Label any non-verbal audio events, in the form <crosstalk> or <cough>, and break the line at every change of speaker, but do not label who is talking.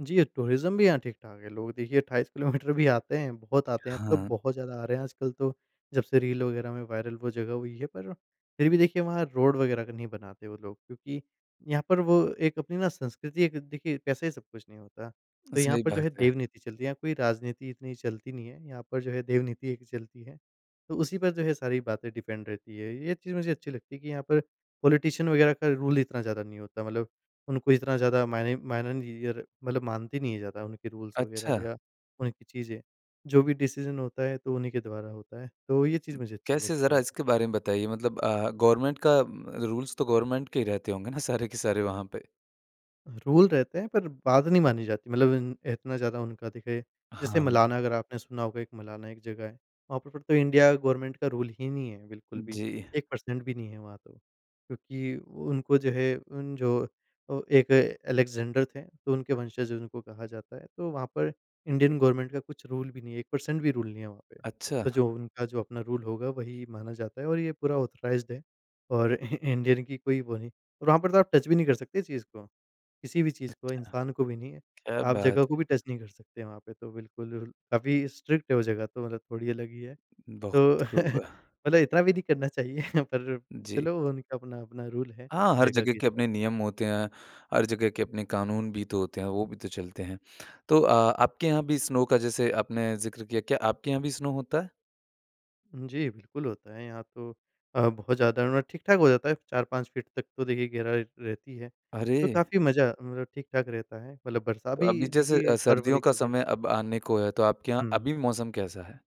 जी, tourism भी यहाँ ठीक-ठाक है, लोग देखिए 28 किलोमीटर भी आते हैं, बहुत आते हैं, अब तो
हाँ।
बहुत ज़्यादा आ रहे हैं आजकल तो जब से रील वग़ैरह में वायरल वो जगह हुई है। पर फिर भी देखिए वहाँ रोड वग़ैरह का नहीं बनाते वो लोग क्योंकि यहाँ पर वो एक अपनी ना संस्कृति एक देखिए पैसा ही सब कुछ नहीं होता। तो यहाँ
सही
पर जो
बात
है,
है।
देवनीति चलती है, यहाँ कोई राजनीति इतनी चलती नहीं है, यहाँ पर जो है देवनीति एक चलती है, तो उसी पर जो है सारी बातें डिपेंड रहती हैं। ये चीज़ मुझे अच्छी लगती है कि यहाँ पर पॉलिटिशियन वगैरह का रूल इतना ज़्यादा नहीं होता। मतलब उनको इतना ज़्यादा मायने माइनर मतलब मानते नहीं है ज़्यादा, उनके रूल्स वग़ैरह
अच्छा।
या उनकी चीज़ें, जो भी डिसीजन होता है, तो उन्हीं के द्वारा होता है। तो ये चीज़ मुझे अच्छी
कैसे
लगती
ज़रा
है।
इसके बारे में बताइए। मतलब अ, गवर्नमेंट का रूल्स तो गवर्नमेंट के ही रहते होंगे ना सारे के सारे वहाँ पे।
रूल रहते हैं पर बात नहीं मानी जाती। मतलब इन इतना ज़्यादा उनका देखिए जैसे
हाँ।
मलाना अगर आपने सुना होगा, एक मलाना एक जगह है। वहाँ पर तो इंडिया गवर्नमेंट का रूल ही नहीं है बिल्कुल भी,
जी।
1 पर्सेंट भी नहीं है वहाँ तो। क्योंकि उनको जो है उन जो एक एलेक्जेंडर थे तो उनके वंशज उनको कहा जाता है। तो वहाँ पर इंडियन गवर्नमेंट का कुछ रूल भी नहीं है, 1 पर्सेंट भी रूल नहीं है वहाँ पे। तो
अच्छा।
जो उनका जो अपना रूल होगा वही माना जाता है और ये पूरा ऑथराइज़्ड है और <chuckles> इ इंडियन की कोई वो नहीं, वहाँ पर तो आप टच भी नहीं कर सकते चीज़ को। किसी भी चीज़
अच्छा।
को, इंसान को भी नहीं है,
क्या
आप
बात
जगह
है।
को भी टच नहीं कर सकते वहाँ पे तो बिल्कुल काफ़ी स्ट्रिक्ट है वो जगह तो मतलब थोड़ी अलग ही है।
बहुत
तो
खूब।
<chuckles> मतलब इतना भी नहीं करना चाहिए <chuckles> पर
जी।
चलो उनका अपना-अपना रूल है
हाँ, हर
जगह
जगह
के
के
हिसाब से।
अपने नियम होते हैं, हर जगह के अपने क़ानून भी तो होते हैं, वो भी तो चलते हैं। तो अ, आपके यहाँ भी स्नो का जैसे आपने ज़िक्र किया, क्या आपके यहाँ भी स्नो होता है?
जी, बिल्कुल होता है। यहाँ तो अ, बहुत ज़्यादा ठीक-ठाक हो जाता है। 4-5 फीट तक तो देखिए गहराई रहती है। तो
अरे!
काफ़ी मज़ा मतलब ठीक-ठाक रहता है। मतलब बरसा
तो
अभी
अभी जैसे अ,
देखिए
सर्दियों
फ़रवरी
का
जो है
समय अब आने को है, तो आपके यहाँ
हुँ।
अभी मौसम कैसा है?